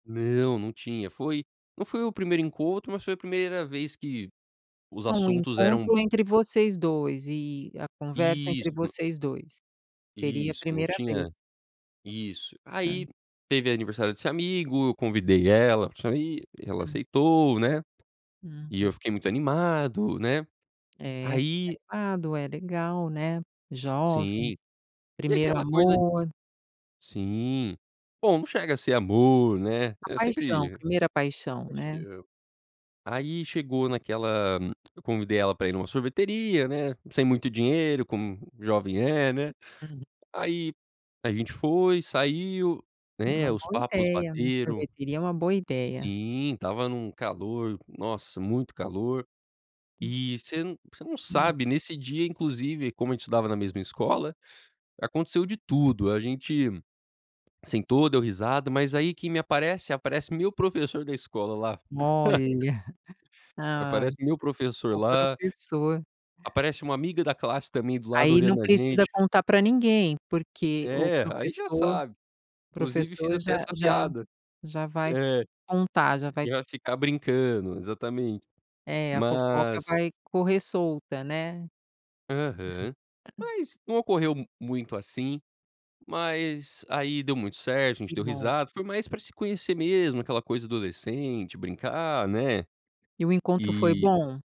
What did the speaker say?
Não, não tinha, foi não foi o primeiro encontro, mas foi a primeira vez que os Ah, um assuntos eram encontro entre vocês 2 e a conversa Isso. entre N vocês 2. Seria a Isso, não primeira vez. tinha isso. Hã. Aí, teve aniversário desse amigo, eu convidei ela pra sair, ela Hum. aceitou, né. E eu Uhum. fiquei muito animado, né. É, Aí animado, é, legal, né. Jovem, Sim. E primeiro aquela coisa amor. sim. Bom, não chega a ser amor, né, A eu paixão, sempre primeira paixão, acho que né. eu aí, chegou naquela eu convidei ela pra ir numa sorveteria, né, sem muito dinheiro, como jovem é, né. Hum. Aí a gente foi, saiu, É né, uma os boa papos ideia, uma bateram. sorveteria é uma boa ideia. Sim, estava num calor, nossa, muito calor. E você n você não Hum. sabe, nesse dia, inclusive, como a gente estudava na mesma escola, aconteceu de tudo. A gente sentou, deu risada, mas aí quem me aparece? Aparece meu professor da escola lá. Olha. Ai, Aparece meu professor o lá professor. aparece uma amiga da classe também, do lado, Aí não olhando a precisa gente. contar pra ninguém, porque o É, aí já professor sabe. Inclusive fiz professor até já essa já piada. já vai É. contar, já vai E ela ficar brincando, exatamente. É, a fofoca Mas vai correr solta, né. Aham. Mas não ocorreu m muito assim, mas aí deu muito certo, a gente Que deu bom. risada, foi mais pra se conhecer mesmo, aquela coisa adolescente, brincar, né, E o encontro foi e bom?